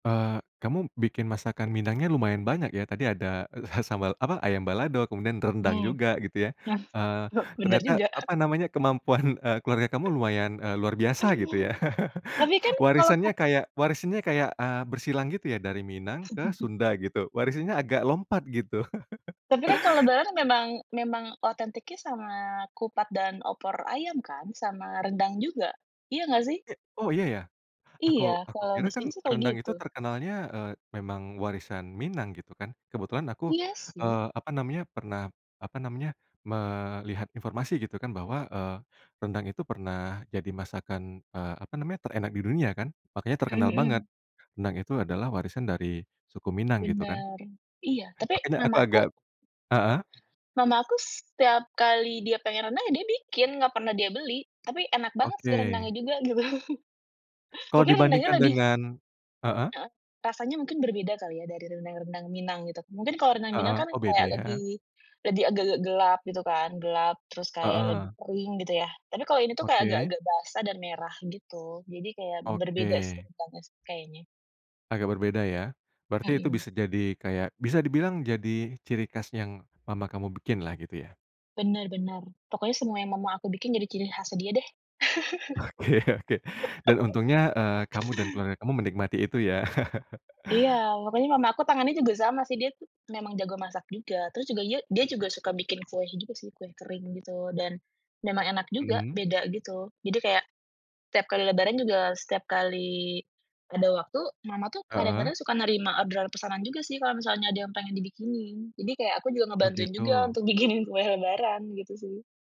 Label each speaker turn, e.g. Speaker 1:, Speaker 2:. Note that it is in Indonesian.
Speaker 1: Eee, kamu bikin masakan minangnya, lumayan banyak ya? Tadi ada, eee, ha sambal apa, ayam balado, kemudian rendang
Speaker 2: Mmm,
Speaker 1: juga, gitu ya.
Speaker 2: eh,
Speaker 1: Eee,
Speaker 2: benar
Speaker 1: ternyata,
Speaker 2: juga.
Speaker 1: apa namanya, kemampuan, eee, keluarga kamu lumayan, eee, luar biasa gitu ya.
Speaker 2: [unintelligible] Tapi kan? Kalau ke
Speaker 1: Warisannya kayak warisannya kayak, eee, bersilang gitu ya dari Minang ke Sunda, gitu. Warisannya agak lompat, gitu.
Speaker 2: Tapi kan, kalau lebaran kan memang memang otentiknya sama kupat dan opor ayam, kan? Sama rendang juga. Iya enggak, sih?
Speaker 1: E oh, iya ya? Aku
Speaker 2: Iya.
Speaker 1: aku
Speaker 2: Kalau
Speaker 1: kira kan
Speaker 2: biasanya sih, kayak
Speaker 1: rendang
Speaker 2: gitu.
Speaker 1: itu terkenalnya, eee, memang warisan Minang, gitu kan. Kebetulan aku,
Speaker 2: Iya sih.
Speaker 1: eee, apa namanya, pernah, apa namanya, melihat informasi, gitu kan, bahwa, eee, rendang itu pernah jadi masakan, eee, apa namanya, terenak di dunia kan, makanya
Speaker 2: Mhm
Speaker 1: terkenal banget.
Speaker 2: mhm.
Speaker 1: Rendang itu adalah warisan dari suku Minang, gitu kan.
Speaker 2: Bener. Iya. Tapi,
Speaker 1: Makanya aku
Speaker 2: mama
Speaker 1: agak
Speaker 2: aku
Speaker 1: heeh?
Speaker 2: mama aku setiap kali dia pengen rendang, ya, dia bikin. Enggak pernah dia beli. Tapi enak banget, sih. Rendangnya
Speaker 1: Oke.
Speaker 2: juga, gitu.
Speaker 1: Kalau
Speaker 2: Mungkin rendangnya
Speaker 1: dibandingkan
Speaker 2: lebih
Speaker 1: dengan heeh?
Speaker 2: Heeh. Rasanya mungkin berbeda kali ya dari rendang-rendang Minang, gitu. Mungkin kalau rendang Minang
Speaker 1: Heeh.
Speaker 2: kan
Speaker 1: Oh beda
Speaker 2: kayak
Speaker 1: ya.
Speaker 2: lebih, lebih agak-agak gelap, gitu kan? Gelap, terus kayak lebih
Speaker 1: Heeh.
Speaker 2: kering, gitu ya. Tapi kalau ini tuh, kayak
Speaker 1: Oke.
Speaker 2: agak-agak basah dan merah, gitu. Jadi kayak berbeda sih
Speaker 1: Oke.
Speaker 2: rendangnya sih. Kayaknya.
Speaker 1: Agak berbeda ya? Berarti itu
Speaker 2: Mhm.
Speaker 1: bisa jadi kayak, bisa dibilang jadi ciri khas yang mama kamu bikin lah, gitu ya?
Speaker 2: Benar benar. Pokoknya semua yang mama aku bikin, jadi ciri khas dia deh.
Speaker 1: Oke oke. Dan untungnya, eee, kamu dan keluarga kamu menikmati itu, ya?
Speaker 2: Iya. Makanya mama aku tangannya juga sama, sih. Dia tuh, memang jago masak juga. Terus juga ia dia juga suka bikin kue gitu sih, kue kering gitu. Dan, memang enak juga,
Speaker 1: Mhm.
Speaker 2: beda gitu. Jadi kayak, tiap kali lebaran juga, setiap kali ada waktu, mama tuh,
Speaker 1: Heeh.
Speaker 2: kadang-kadang suka nerima orderan pesanan juga, sih kalau misalnya ada yang pengen dibikinin. Jadi kayak aku juga ngebantuin juga,
Speaker 1: Begitu.
Speaker 2: untuk bikinin kue lebaran. Gitu sih.